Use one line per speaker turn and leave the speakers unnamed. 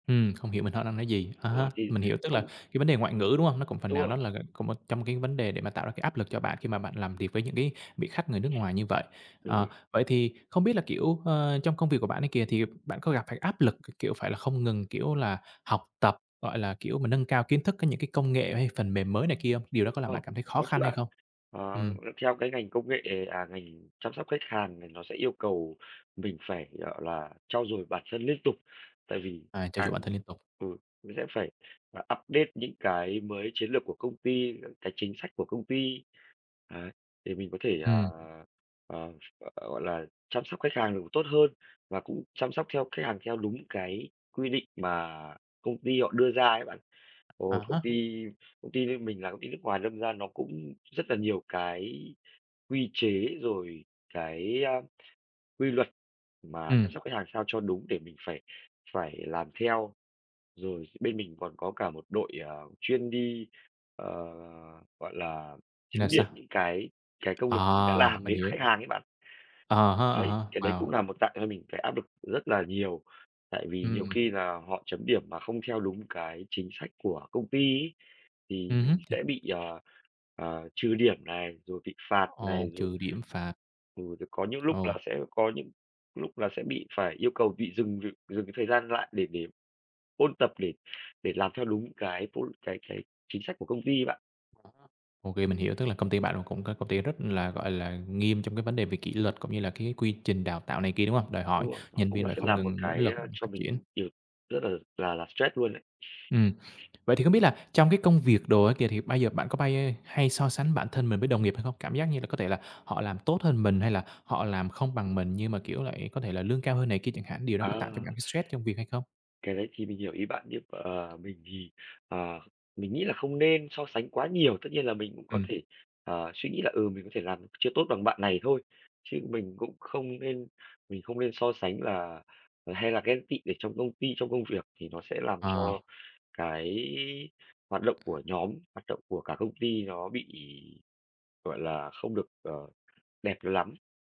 Ừm, không hiểu [unintelligible] đang nói gì? À
Đúng
há,
rồi, thì
mình hiểu, tức là
không
cái vấn đề ngoại ngữ, đúng hông? Nó cũng phần
Đúng
nào
rồi.
đó là c một trong cái vấn đề để mà tạo ra cái áp lực cho bạn khi mà bạn làm việc với những cái vị khách người nước ngoài như vậy.
Đúng
Ờ,
rồi.
vậy thì không biết là, kiểu, ờ, trong công việc của bạn ấy kìa thì bạn có gặp phải áp lực, k kiểu, phải là không ngừng, kiểu là, học tập, gọi là, kiểu, mình nâng cao kiến thức có những cái công nghệ hay phần mềm mới này kia hông? Điều đó có làm
Ờ,
bạn cảm thấy khó
có chứ
khăn hay
bạn.
không?
Ờ, ừm,
Ừm.
theo cái ngành công nghệ à, ngành chăm sóc khách hàng, thì nó sẽ yêu cầu mình phải, gọi là, trau dồi bản thân liên tục. Tại vì,
À, trau
à
dồi bản thân liên tục.
ừ, mình sẽ phải, à, update những cái mới chiến lược của công ty, những cái chính sách của công ty, đấy, để mình có thể, ờ,
Ừm.
ờ, ph ờ, gọi là, chăm sóc khách hàng được tốt hơn, và cũng chăm sóc theo khách hàng theo đúng cái quy định mà công ty họ đưa ra ấy bạn.
À
Rồi công
há.
ty công ty bên mình là công ty nước ngoài, đâm ra nó cũng rất là nhiều cái quy chế, rồi cái, a, quy luật mà chăm
Ừm.
sóc khách hàng sao cho đúng để mình phải phải làm theo. Rồi bên mình còn có cả một đội, ờ, chuyên đi, ờ, gọi là,
Thì là
chấm điểm
sao?
những cái cái công việc mình đã
À,
làm
mình
với
hiểu.
khách hàng ấy bạn.
À ha,
Đấy,
à
cái đấy
ha,
cũng
wow!
là một tạo cho mình cái áp lực rất là nhiều. Tại vì nhiều
Ừm.
khi là họ chấm điểm mà không theo đúng cái chính sách của công ty ấy, thì
Ừm hứm.
mình
Thì
sẽ bị, ờ, ờ, trừ điểm này, rồi bị phạt
Ồ,
này, rồi
trừ điểm, phạt.
ừ, có những lúc là
Ồ.
sẽ có những lúc là sẽ bị phải yêu cầu bị dừng việc dừng cái thời gian lại để để ôn tập, để để làm theo đúng cái ph cái cái chính sách của công ty ấy bạn.
À há. OK, mình hiểu, tức là công ty bạn cũng có công ty rất là, gọi là, nghiêm trong cái vấn đề về kỷ luật, cũng như là cái quy trình đào tạo này kia, đúng hông? Đòi
Đúng
hỏi
rồi, nó
nhân
cũng
viên
là
phải
sẽ
không
là một
ngừng nỗ
cái,
lực,
ờ, cho
phát triển.
mình nhiều rất là là là stress luôn ấy.
Ừm. Vậy thì không biết là trong cái công việc đồ á kìa, thì bây giờ bạn có bay hay so sánh bản thân mình với đồng nghiệp hay không? Cảm giác như là có thể là họ làm tốt hơn mình, hay là họ làm không bằng mình, nhưng mà, kiểu là, có thể là lương cao hơn này kia chẳng hạn, điều đó có tạo cho
À!
bạn thấy stress trong việc hay không?
Cái đấy thì mình hiểu ý bạn, nhưng mà mình thì, ờ, mình nghĩ là không nên so sánh quá nhiều. Tất nhiên là mình cũng có
Ừm.
thể, ờ, suy nghĩ là, ừ, mình có thể làm chưa tốt bằng bạn này thôi, chứ mình cũng không nên mình không nên so sánh là ờ, hay là ghen tị ở trong công ty, trong công việc, thì nó sẽ làm
Ờ.
cho cái hoạt động của nhóm, hoạt động của cả công ty nó bị, gọi là, không được, ờ, đẹp lắm.